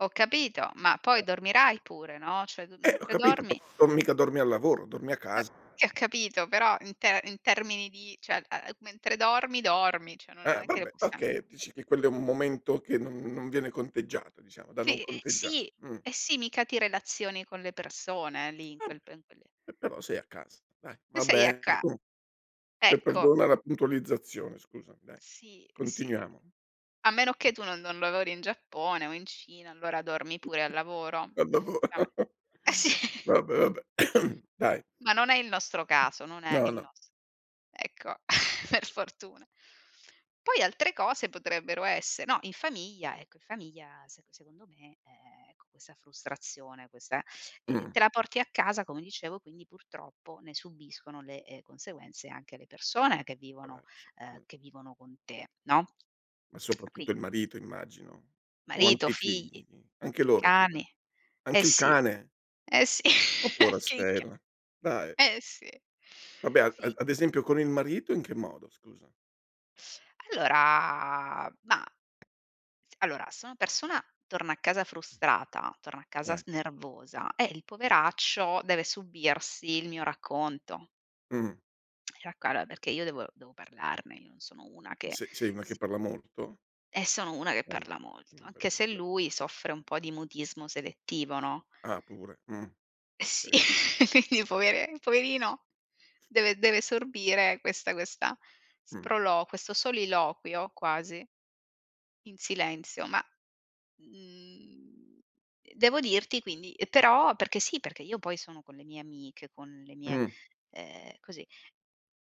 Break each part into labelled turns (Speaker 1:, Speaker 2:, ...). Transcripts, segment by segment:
Speaker 1: Ho capito, ma poi dormirai pure, no? Cioè d
Speaker 2: Eh, ho
Speaker 1: mentre
Speaker 2: capito,
Speaker 1: dormi.
Speaker 2: non mica dormi al lavoro, dormi a
Speaker 1: Eh,
Speaker 2: casa.
Speaker 1: ti ho capito, però in te in termini di cioè, ehm, mentre dormi, dormi, cioè non
Speaker 2: Eh,
Speaker 1: è che le
Speaker 2: vabbè,
Speaker 1: possiam c
Speaker 2: okay, dici che quello è un momento che non non viene conteggiato, diciamo, da non
Speaker 1: Sì, ehm,
Speaker 2: conteggiare,
Speaker 1: sì,
Speaker 2: mh.
Speaker 1: eh sì, mica ti relazioni con le persone lì in
Speaker 2: Ah, ehm,
Speaker 1: quel pen quelle
Speaker 2: però sei a casa, dai.
Speaker 1: E
Speaker 2: Va
Speaker 1: sei a
Speaker 2: bene da
Speaker 1: ca
Speaker 2: comu eh,
Speaker 1: ecco.
Speaker 2: perdona la puntualizzazione, scusami, dai,
Speaker 1: Sì, sì.
Speaker 2: continuiamo.
Speaker 1: A meno che tu non non lavori in Giappone o in Cina, allora, dormi pure al lavoro.
Speaker 2: Ma dopo
Speaker 1: effettivame Eh sì.
Speaker 2: va beh, va beh. Dai.
Speaker 1: Ma non è il nostro caso, non è
Speaker 2: No,
Speaker 1: il
Speaker 2: no.
Speaker 1: nos ecco, per fortuna. Poi altre cose potrebbero esse no, in famiglia, ecco, in famiglia se secondo me, ehm, ecco, questa frustrazione, questa ehm,
Speaker 2: Mh.
Speaker 1: te la porti a casa, come dicevo, quindi purtroppo ne subiscono le, ehm, conseguenze anche le persone che vivono
Speaker 2: Poracci,
Speaker 1: ehm,
Speaker 2: mh.
Speaker 1: che vivono con te, no?
Speaker 2: Ma
Speaker 1: Quin
Speaker 2: soprattutto il marito, immagino? O
Speaker 1: Marito,
Speaker 2: anche i figli?
Speaker 1: figli,
Speaker 2: Anche loro?
Speaker 1: cani.
Speaker 2: [unintelligible]
Speaker 1: Eh
Speaker 2: Anche il
Speaker 1: sì.
Speaker 2: cane?
Speaker 1: Eh sì,
Speaker 2: Oh pora
Speaker 1: anche i ca
Speaker 2: stella! Dai.
Speaker 1: Eh sì,
Speaker 2: Vabbè a
Speaker 1: fi
Speaker 2: ad esempio con il marito in che modo, scusa?
Speaker 1: Allora, ma s allora, se una persona torna a casa frustrata, torna a casa
Speaker 2: Dai.
Speaker 1: s nervosa, eh, il poveraccio deve subirsi il mio racconto.
Speaker 2: Mh.
Speaker 1: Ra guarda perché io devo devo parlarne, io non sono una che
Speaker 2: S sei una che
Speaker 1: si
Speaker 2: parla molto?
Speaker 1: E sono una che
Speaker 2: Ehm,
Speaker 1: parla
Speaker 2: è
Speaker 1: molto,
Speaker 2: un bel
Speaker 1: anche se
Speaker 2: problema.
Speaker 1: lui soffre un po' di mutismo selettivo, no?
Speaker 2: Ah, pure. Mh,
Speaker 1: E sì,
Speaker 2: okay.
Speaker 1: quindi povere poverino, deve deve sorbire questa questa
Speaker 2: Mh.
Speaker 1: sprolo questo soliloquio quasi in silenzio, ma, mhmm, devo dirti quindi ehm, però perché sì, perché io poi sono con le mie amiche, con le mie
Speaker 2: Mh.
Speaker 1: ehm, così,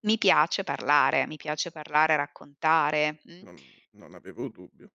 Speaker 1: mi piace parlare, mi piace parlare, raccontare, mh.
Speaker 2: Non non avevo dubbio.